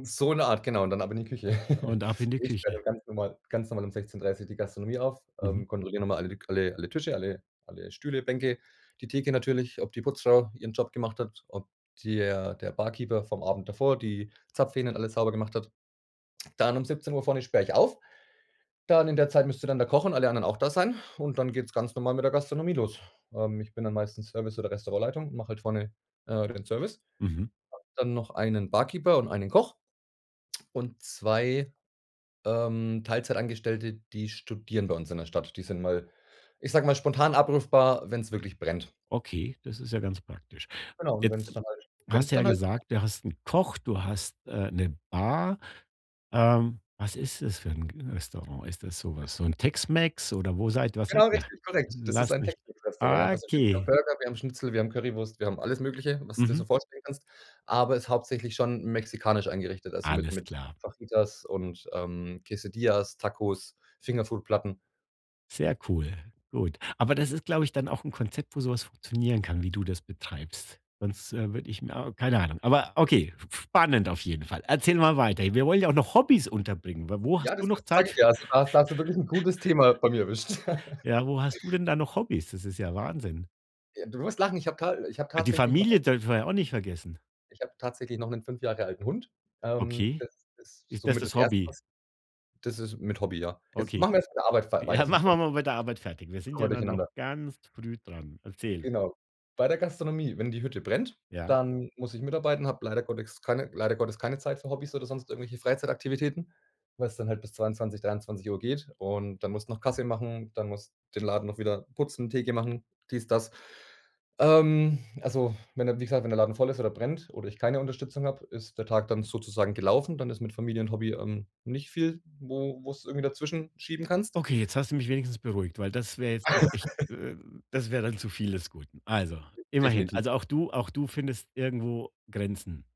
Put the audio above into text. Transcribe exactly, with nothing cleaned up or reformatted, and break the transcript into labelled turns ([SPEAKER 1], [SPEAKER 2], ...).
[SPEAKER 1] So in der Art, genau und dann ab in die Küche.
[SPEAKER 2] Und ab in die
[SPEAKER 1] Ich sperre
[SPEAKER 2] Küche.
[SPEAKER 1] dann ganz normal ganz normal um sechzehn dreißig die Gastronomie auf,
[SPEAKER 2] Mhm.
[SPEAKER 1] ähm, kontrolliere noch mal alle lik alle alle Tische, alle alle Stühle, Bänke, die Theke natürlich, ob die Putzfrau ihren Job gemacht hat, ob di er der Barkeeper vom Abend davor die Zapfhähne und alles sauber gemacht hat. Dann um siebzehn Uhr vorne sperre ich auf. Dann in der Zeit müsste dann der Koch und alle anderen auch da sein und dann geht's ganz normal mit der Gastronomie los. Ähm, ich bin dann meistens Service oder Restaurantleitung und mache halt vorne, äh, den Service,
[SPEAKER 2] Mhm.
[SPEAKER 1] habe dann noch einen Barkeeper und einen Koch und zwei, ähm, Teilzeitangestellte, die studieren bei uns in der Stadt. Die sind mal- ich sage mal- spontan abrufbar, wenn's wirklich brennt.
[SPEAKER 2] Okay, das ist ja ganz praktisch.
[SPEAKER 1] Genau und wenn's
[SPEAKER 2] Jetzt
[SPEAKER 1] dann halt wenn's
[SPEAKER 2] hast du ja
[SPEAKER 1] dann halt brennt
[SPEAKER 2] gesagt, du hast 'n Koch, du hast äh, 'ne Bar. Ähm, was ist das für 'n g Restaurant? Ist das so
[SPEAKER 1] Das
[SPEAKER 2] was so 'n Tex-Mex oder wo seid was seid
[SPEAKER 1] Genau,
[SPEAKER 2] ihr?
[SPEAKER 1] richtig korrekt. Das ist
[SPEAKER 2] Lass
[SPEAKER 1] ein
[SPEAKER 2] mich
[SPEAKER 1] Tex-Mex-Restaurant, ja. Also, wir haben
[SPEAKER 2] okay.
[SPEAKER 1] Burger, wir haben Schnitzel, wir haben Currywurst, wir haben alles Mögliche, was du dir
[SPEAKER 2] Mhm.
[SPEAKER 1] so vorstellen kannst, aber ist hauptsächlich schon mexikanisch eingerichtet, also mit
[SPEAKER 2] Alles
[SPEAKER 1] mit
[SPEAKER 2] klar.
[SPEAKER 1] Fajitas und ähm, Quesidillas, Tacos, Fingerfood-Platten.
[SPEAKER 2] Sehr cool, gut. Aber das ist, glaube ich, dann auch 'n Konzept, wo so was funktionieren kann, wie du das betreibst. Sonst, äh, würde ich mir keine Ahnung. Aber okay, f f spannend auf jeden Fall. Erzähl mal weiter. Wir wollen ja auch noch Hobbies unterbringen. W wo hast
[SPEAKER 1] Ja, das
[SPEAKER 2] du
[SPEAKER 1] wa
[SPEAKER 2] noch
[SPEAKER 1] sage
[SPEAKER 2] Zeit
[SPEAKER 1] ich
[SPEAKER 2] f
[SPEAKER 1] ja. Also da ha hast du wirklich 'n gutes Thema bei mir erwischt.
[SPEAKER 2] Ja, wo hast du denn da noch Hobbies? Das ist ja Wahnsinn.
[SPEAKER 1] Äh, du wirst lachen, ich hab ta ich habe
[SPEAKER 2] Die
[SPEAKER 1] tatsächlich noch einen
[SPEAKER 2] Familie dürfen wir ja auch nicht vergessen.
[SPEAKER 1] Ich habe tatsächlich noch 'nen fünf Jahre alten Hund. Ähm,
[SPEAKER 2] Okay.
[SPEAKER 1] das ist
[SPEAKER 2] Ist das
[SPEAKER 1] somit das
[SPEAKER 2] das
[SPEAKER 1] Erste,
[SPEAKER 2] Hobby?
[SPEAKER 1] was das ist mit Hobby, ja. Jetzt
[SPEAKER 2] Okay.
[SPEAKER 1] machen wir erst meine Arbeit fer weiter,
[SPEAKER 2] Ja,
[SPEAKER 1] sonst
[SPEAKER 2] machen wir
[SPEAKER 1] kommt's
[SPEAKER 2] mal mit der Arbeit fertig. Wir sind
[SPEAKER 1] kommen
[SPEAKER 2] ja
[SPEAKER 1] wir
[SPEAKER 2] da noch
[SPEAKER 1] durcheinander.
[SPEAKER 2] ganz früh dran. Erzähl.
[SPEAKER 1] Genau. Bei der Gastronomie, wenn die Hütte brennt,
[SPEAKER 2] Ja.
[SPEAKER 1] dann muss ich mitarbeiten, habe leider Gottex keine leider Gottes keine Zeit für Hobbys oder sonst irgendwelche Freizeitaktivitäten, weil's dann halt bis zweiundzwanzig, dreiundzwanzig Uhr geht und dann musst noch Kasse machen, dann musst den Laden noch wieder putzen, Theke machen, dies, das. Ähm, also, wenn der wie gesagt, wenn der Laden voll ist oder brennt oder ich keine Unterstützung habe, ist der Tag dann sozusagen gelaufen. Dann ist mit Familie und Hobby, ähm, nicht viel, wo wo du's irgendwie dazwischen schieben kannst.
[SPEAKER 2] Okay, jetzt hast du mich wenigstens beruhigt, weil das wäre jetzt noch echt ähm, das wäre dann zu viel des Guten. Also, immerhin.
[SPEAKER 1] Definitiv.
[SPEAKER 2] Also auch du auch du findest irgendwo Grenzen.